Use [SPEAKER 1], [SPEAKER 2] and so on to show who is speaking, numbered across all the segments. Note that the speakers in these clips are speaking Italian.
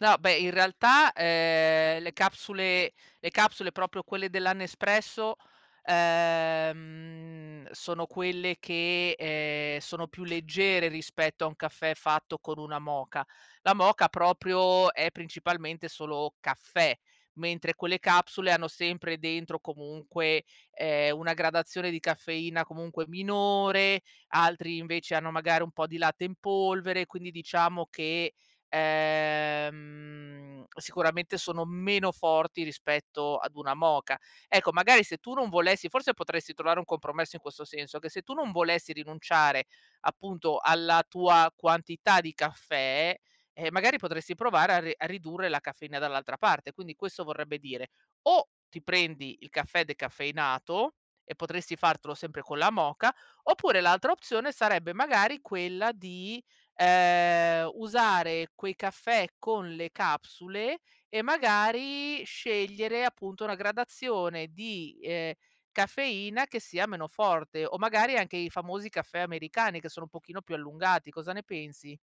[SPEAKER 1] No, beh, in realtà, ehm, le capsule le capsule, proprio quelle della Nespresso, ehm, sono quelle che, ehm, sono più leggere rispetto a un caffè fatto con una moka. La moka, proprio, è principalmente solo caffè, mentre quelle capsule hanno sempre dentro comunque, ehm, una gradazione di caffeina comunque minore, altri, invece, hanno magari un po' di latte in polvere, quindi diciamo che, ehm, sicuramente, sono meno forti rispetto ad una moka. Ecco, magari, se tu non volessi forse potresti trovare un compromesso in questo senso: che se tu non volessi rinunciare, appunto, alla tua quantità di caffè, ehm, magari, potresti provare a re a ridurre la caffeina dall'altra parte. Quindi questo vorrebbe dire: o ti prendi il caffè decaffeinato e potresti fartelo sempre con la moka, oppure l'altra opzione sarebbe magari quella di, ehm, usare quei caffè con le capsule e magari scegliere, appunto, una gradazione di, ehm, caffeina che sia meno forte, o magari anche i famosi caffè americani che sono un pochino più allungati. Cosa ne pensi?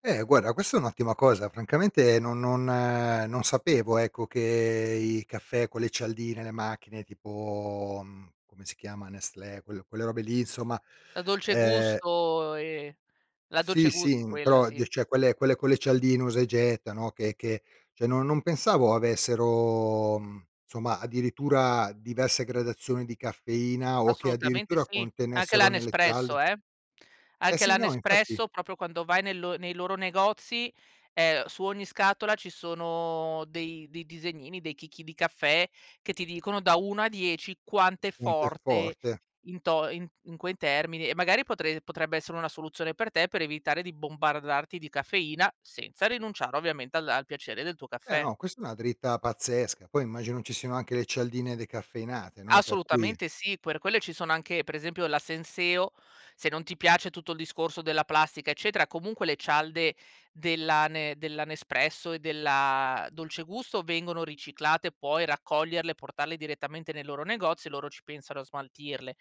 [SPEAKER 2] Eh, guarda, questa è un'ottima cosa. Francamente, no non, ehm non sapevo, ecco, che i caffè con le cialdine, le macchine, tipo, mhmm, come si chiama, Nestlé, quel quelle robe lì, insomma,
[SPEAKER 1] La Dolce
[SPEAKER 2] ehm
[SPEAKER 1] Gusto, ehm la
[SPEAKER 2] Sì,
[SPEAKER 1] Dolce
[SPEAKER 2] sì,
[SPEAKER 1] Gusto,
[SPEAKER 2] in
[SPEAKER 1] quella,
[SPEAKER 2] però, ge
[SPEAKER 1] sì.
[SPEAKER 2] cioè, quelle quelle cialdine usa e getta, no, che che cioè, no non pensavo avessero, mhmm, insomma, addirittura diverse gradazioni di caffeina o che,
[SPEAKER 1] Assolutamente
[SPEAKER 2] addirittura,
[SPEAKER 1] sì. Anche la
[SPEAKER 2] contenessero nelle cialde
[SPEAKER 1] Nespresso, eh?
[SPEAKER 2] Eh,
[SPEAKER 1] Anche la
[SPEAKER 2] sì, no, infatti
[SPEAKER 1] Nespresso, proprio, quando vai nel lo nei loro negozi, ehm, su ogni scatola ci sono dei dei disegnini, dei chicchi di caffè che ti dicono da 1 a 10 quant'è
[SPEAKER 2] Un tè
[SPEAKER 1] forte
[SPEAKER 2] forte.
[SPEAKER 1] in to in in quei termini e magari potre potrebbe essere una soluzione per te per evitare di bombardarti di caffeina, senza rinunciare, ovviamente, alla al piacere del tuo
[SPEAKER 2] Eh,
[SPEAKER 1] caffè.
[SPEAKER 2] no, questa è una dritta pazzesca. Poi immagino ci siano anche le cialdine decaffeinate, no, per cui
[SPEAKER 1] Assolutamente sì. Per quelle ci sono anche, per esempio, la Senseo, se non ti piace tutto il discorso della plastica, eccetera, comunque le cialde della Ne della Nespresso e della Dolce Gusto vengono riciclate, puoi raccoglierle e portarle direttamente nei loro negozi e loro ci pensano a smaltirle.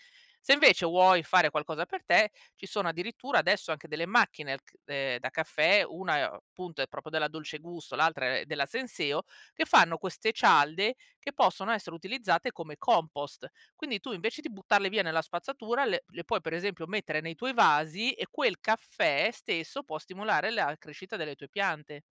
[SPEAKER 1] Se, invece, vuoi fare qualcosa per te, ci sono, addirittura, adesso anche delle macchine ch ehm, da caffè, una è o punto, è proprio della Dolce Gusto, l'altra è della Senseo, che fanno queste cialde che possono essere utilizzate come compost. Quindi tu, invece, di buttarle via nella spazzatura, le le puoi, per esempio, mettere nei tuoi vasi e quel caffè stesso può stimolare la crescita delle tue piante.